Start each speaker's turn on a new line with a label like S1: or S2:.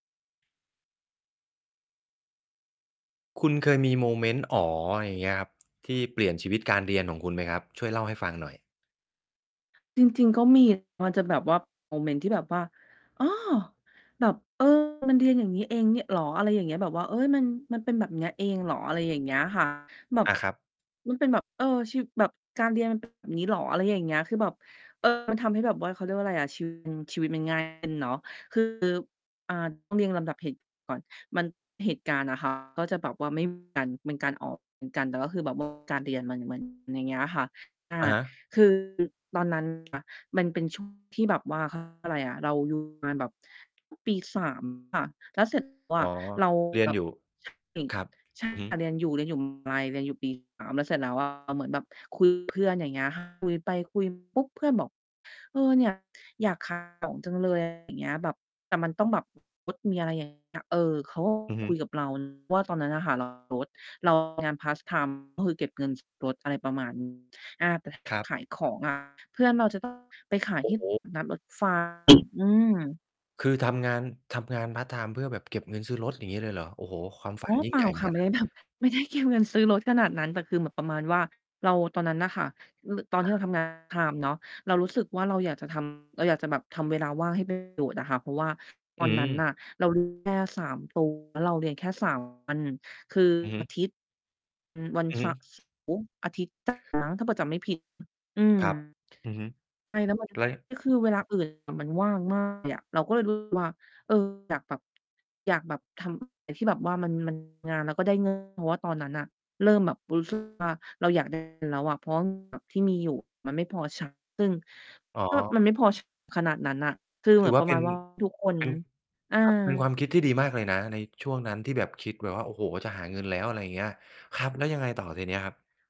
S1: คุณเคยมีโมเมนต์ "อ๋อ" อย่างเงี้ยครับ ที่เปลี่ยนชีวิตการเรียนของคุณไหมครับ ช่วยเล่าให้ฟังหน่อย?
S2: จริง ๆ ก็ มี มันจะแบบว่า โมเมนต์ที่แบบว่า อ้อ! แบบ เออ มันเรียนอย่างงี้เอง เงี้ย เหรอ? อะไรอย่างเงี้ย แบบว่า เฮ้ย มัน มันเป็นแบบเนี้ยเองเหรอ? อะไรอย่างเงี้ย ค่ะ แบบ
S1: อา ครับ
S2: มันเป็นแบบ เออ ชีวิต แบบการเรียน มันเป็น แบบนี้เหรอ? อะไรอย่างเงี้ย คือแบบ เออ มันทำให้แบบว่า เขาเรียกว่าไรอะ ชีวิตมัน ชีวิตมัน ง่าย ขึ้นเนาะ คือ อ่า ต้องเรียงลำดับเหตุก่อน มัน เหตุการณ์อะ ค่ะ ก็จะแบบว่า ไม่เหมือนกัน เป็นการออกเหมือนกัน แต่คือแบบ ว่า การเรียนมัน มัน อย่างเงี้ยค่ะ อ่า
S1: อะฮะ
S2: คือตอนนั้นค่ะ มันเป็น ช่วง ที่แบบว่า เขาเรียกว่า ไรอะ เรา อยู่มา แบบ ปี 3 ค่ะ แล้วเสร็จ แล้ว
S1: อ
S2: อ
S1: ๋อ
S2: ะ เรา
S1: เรียน
S2: แบบ
S1: อยู่
S2: ใช่
S1: ครับ
S2: ใช่
S1: อือฮ
S2: ค
S1: ึ
S2: ่ะ เรียนอยู่ เรียนอยู่ มหาลัย เรียนอยู่ ปี 3 แล้วเสร็จแล้ว อะ เหมือนแบบ คุยกับ เพื่อน อย่างเงี้ย ค่ะ คุยไป คุยมา ปุ๊บ เพื่อนบอก "เออ เนี่ย อยาก ขาย ของจัง เลย" อะไร อย่างเงี้ย แบบ แต่มันต้องแบบ มีรถ มีอะไรอย่างเงี้ย เออ เขาก็
S1: อือฮ
S2: คุ
S1: ึ
S2: ยกับ เรา ว่า ตอนนั้นน่ะค่ะ เรามี รถ เราทำงาน พาร์ต ไทม์ ก็คือเก็บเงิน ซื้อ รถ อะไรประมาณ นี้ อา แต่ถ้า
S1: ครับ
S2: ขายของ อะ เพื่อนเราจะ ต้อง ไปขาย
S1: โอ
S2: ท
S1: ้
S2: ี่
S1: โฮ
S2: ตลาดนัดรถ ไฟ อืม
S1: คือทำงาน ทำงานพาร์ตไทม์เพื่อแบบเก็บเงินซื้อรถ อย่างงี้เลยเหรอ? โอ้โฮ ความ ฝ
S2: อ
S1: ั
S2: ๋
S1: น
S2: อ
S1: ยิ่
S2: เป
S1: ง
S2: ล
S1: ใ
S2: ่
S1: หญ
S2: า
S1: ่เหมือ
S2: ค
S1: น
S2: ่ะ
S1: กัน
S2: ไม่
S1: น
S2: ไ
S1: ะ
S2: ด้ แบบ ไม่ได้เก็บเงิน ซื้อรถขนาดนั้น แต่คือเหมือนประมาณว่า เราตอนนั้นน่ะค่ะ ร ตอนท
S1: อ
S2: ี่เรา
S1: า
S2: ทำ งานพาร์ตไทม์ เนาะ เรารู้สึกว่า เราอยากจะ ทำ เราอยากจะแบบทำเวลาว่างให้ เป็น ประโยชน์อะค่ะ เพราะว่าต
S1: อื
S2: อนนั้น
S1: ม
S2: น่ะเรา เรียน แค่ 3 ตัว แล้วเราเรียนแค่ 3 วัน คือ
S1: อือฮึ
S2: อาทิตย์ อือ วัน
S1: อ
S2: ส
S1: ือ
S2: เ
S1: ฮ
S2: สา
S1: ึ
S2: ร์ อาทิตย์ จันทร์มั้ง ถ้าเผื่อจำไม่ผิด อื
S1: ครับ
S2: ม
S1: อือฮึ
S2: ใช่ แล้วมัน
S1: แล้ว ย
S2: ก็คือเวลา อื่นน่ะ มันว่าง มากเลยอะ เราก็เลย รู้สึก ว่า เออ อยากแบบ อยากแบบทำ อะไร ที่แบบว่ามัน มัน งานแล้วก็ได้ เงิน เพราะว่าตอนนั้นน่ะ เริ่มแบบรู้ สึกว่า เราอยาก ได้เงิน แล้วอะ เพราะว่า แบบ ที่มีอยู่มันไม่พอ ใช้ ซึ่ง
S1: อ๋
S2: ก็แบบมั
S1: อ
S2: นไม่พอ ใช้ ขนาดนั้นน่ะ คือ
S1: ก็ ถ
S2: เหม
S1: ื
S2: ื
S1: อ
S2: อน
S1: ว่
S2: ป
S1: า
S2: ระ
S1: เป
S2: ม
S1: ็
S2: า
S1: น
S2: ณ ว่า ทุกคน
S1: เป็น
S2: อา
S1: ครับ เป็นความคิดที่ดีมากเลยนะในช่วงนั้นที่แบบคิดแบบว่า โอ้โฮ จะหาเงินแล้ว อะไรเงี้ย ครับ แล้วยังไงต่อทีเนี้ยครับ?